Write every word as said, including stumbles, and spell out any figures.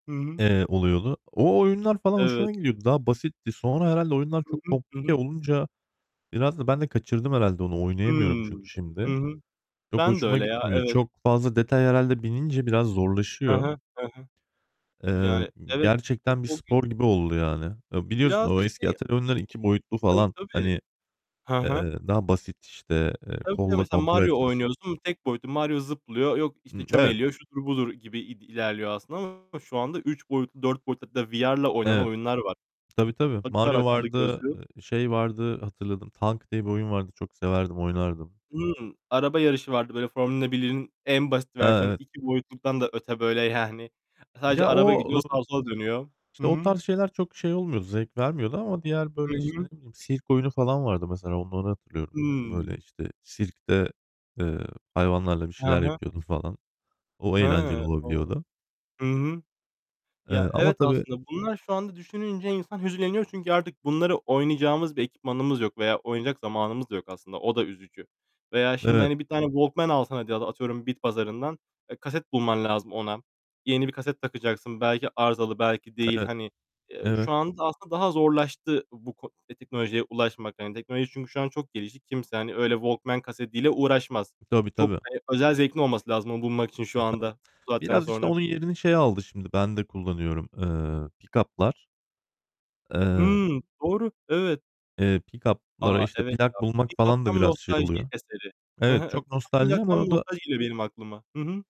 Hı hı. Eee, oluyordu. O oyunlar falan hoşuma Evet. gidiyordu. Daha basitti. Sonra herhâlde oyunlar Hı çok hı, hı komplike hı. olunca biraz da ben de kaçırdım herhâlde onu oynayamıyorum Hıı. çünkü Hı şimdi. hı. Çok Ben de hoşuma öyle ya. gitmiyor. Evet. Çok fazla detay herhâlde binince biraz He zorlaşıyor. he, he he. Eee, Yani, evet, o gerçekten bir o gün spor gibi oldu yani. Eee, biliyorsun Biraz da o eski şey atari oyunları iki boyutlu Tabii, falan. tabii. Hani, Hı hı. eee, daha basit işte, eee, Tabii, tabii kolla mesela kontrol Mario etmesi oynuyorsun tek boyutlu. Mario zıplıyor yok Hı, işte evet. çömeliyor, şudur, budur gibi i ilerliyor aslında ama şu anda üç boyutlu, dört boyutlu hatta VR'la oynanan Evet. oyunlar var. Tabii, tabii. Takıyorlar Mario akıllı vardı, gözlüğü eee, şey vardı hatırladım "Tank" diye bir oyun vardı. Çok severdim, oynardım. Hıı. Araba yarışı vardı. Böyle Formula 1'in en basit A, versiyonu. evet. İki boyutluktan da öte böyle, yani, sadece Ya, araba o, gidiyor, eee, sağa, sola dönüyor. işte Hı o hı. tarz şeyler çok şey olmuyordu, zevk vermiyordu ama diğer Hı böyle işte, hı. ne bileyim, sirk oyunu falan vardı mesela onları hatırlıyorum. Böyle Hıı. işte sirkte, eee, hayvanlarla bir He şeyler he. yapıyordun falan. O eğlenceli Hıı. O! olabiliyordu. Hı hı. Eee, Ya, ama evet tabii aslında bunlar şu anda düşününce insan hüzünleniyor. Çünkü artık bunları oynayacağımız bir ekipmanımız yok veya oynayacak zamanımız da yok aslında, o da üzücü. Veya şimdi Evet. hani bir tane Walkman alsan hadi atıyorum bitpazarından e, kaset bulman lazım ona. Yeni bir kaset takacaksın. Belki arızalı, belki değil. Evet, Hani, eee, evet. şu anda aslında daha zorlaştı bu ko teknolojiye ulaşmak. Hani teknoloji çünkü şu an çok gelişti. Kimse hani öyle Walkman kasetiyle uğraşmaz. Tabii, Çok, tabii. eee, özel zevkin olması lazım onu bulmak için şu Ha, tabii. anda, bu saatten Biraz işte sonra. onun yerini şey aldı şimdi ben de kullanıyorum, eee, pikaplar. Eee Hımm. Doğru, evet. eee, pikaplara A! işte Evet ya. plak bulmak Pikap falan da tam biraz şey nostalji oluyor. eseri. Hı Evet, hı, çok pikap nostalji ama o da nostalji geliyor benim aklıma. Hı hı.